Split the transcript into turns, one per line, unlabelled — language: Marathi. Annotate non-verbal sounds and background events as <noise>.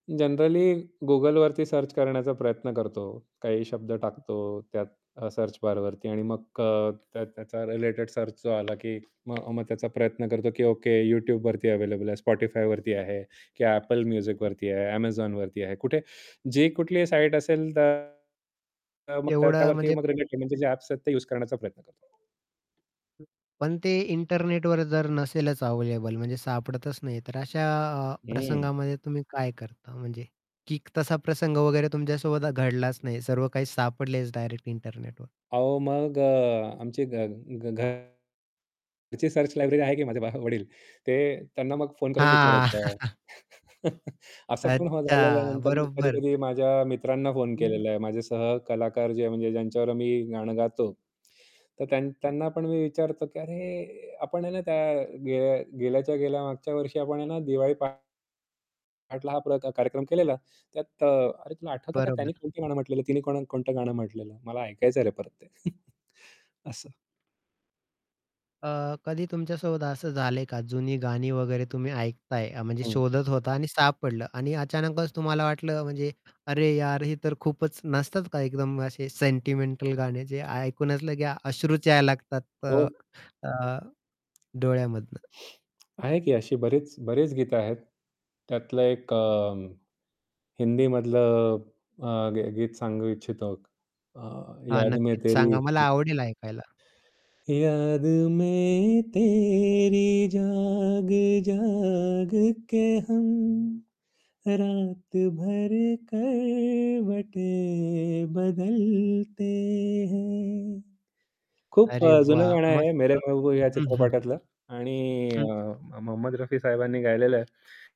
जनरली Googleवरती सर्च करण्याचा प्रयत्न करतो. काही शब्द
हं.
टाकतो त्यात अ, सर्च बारवरती आणि मग अ, त्या त्याचा रिलेटेड सर्च जो आला, की मग मग त्याचा प्रयत्न करतो, की ओके YouTubeवरती अवेलेबल आहे, Spotifyवरती आहे, की Apple
हं.
Musicवरती आहे, Amazonवरती आहे, कुठे जी कुठलीही साईट असेल तर मग
एवढा
त्यावरती
म्हणजे
रिलेट म्हणजे जे ॲप्स आहेत ते उसे करण्याचा प्रयत्न करतो.
हं. पण ते इंटरनेटवर जर नसेलच अवेलेबल म्हणजे सापडतच नाही आहे, तर अशा अ,
हं.
प्रसंगामध्ये तुम्ही काय करता म्हणजे की क तसा प्रसंग वगैरे तुमच्यासोबत आ घडलाच नाहीये, सर्व काही सापडलेच डायरेक्ट इंटरनेटवर?
अहो, मग अ, आमची घ घरची सर्च लायब्ररी आहे की माझे बा वडील. ते त्यांना मग फोन करून
हां.
विचारायचं.
<chuckles>
<laughs> असं पण हा
अच्छा.
झाल्यानंतर मी
बरोबर.
कधी-कधी माझ्या मित्रांना फोन
हं.
केलेला आहे. माझे सहकलाकार जे आहे म्हणजे ज्यांच्यावर मी गाणं गातो. तर त्यान
हं.
त्यांना पण मी विचारतो, की "अरे आपण आहे ना त्या गे गेल्याच्या गेल्या मागच्या वर्षी आपण ना दिवाळी पहाटला हा प्रा का कार्यक्रम केलेला. त्यात अ, अरे तुला
हं.
आठवतं का त्यानी
बरोबर.
कोणतं गाणं म्हटलेलं? तिने कोणा कोणतं गाणं म्हटलेलं? मला ऐकायचंय रे परत ते." <chuckles> असं.
हं. अ, कधी तुमच्यासोबत असं झालंय का जुनी गाणी वगैरे तुम्ही ऐकताय अ, म्हणजे
हं.
शोधत होता आणि सापडलं आणि अचानकच तुम्हाला वाटलं म्हणजे, अरे यार हे तर खूपच नसतात का एकदम असे सेंटिमेंटल गाणे जे ऐकूनच लगे अश्रुच यायला लागतात अ,
हो.
अ, डोळ्यामधनं.
आहे की अशी बरेच बरेच गीतं आहेत. त्यातलं एक अं, हिंदीमधलं अ, ग गीत सांगू इच्छितो. अ,
हां,
याद मैं
नक्कीच
तेरी
सांगा. मला
<unintelligible>
आवडेल ऐकायला.
याद में तेरी जाग, जाग के हम, रातभर करवटे बदलते है. खूप
अरे
अ, जुनं
वाह!
गाणं आहे.
मस्त.
मेरे महबूब या
हं, हं.
चित्रपटातलं आणि अ,
हं.
म मोहम्मद रफी साहेबांनी गायलेलं आहे.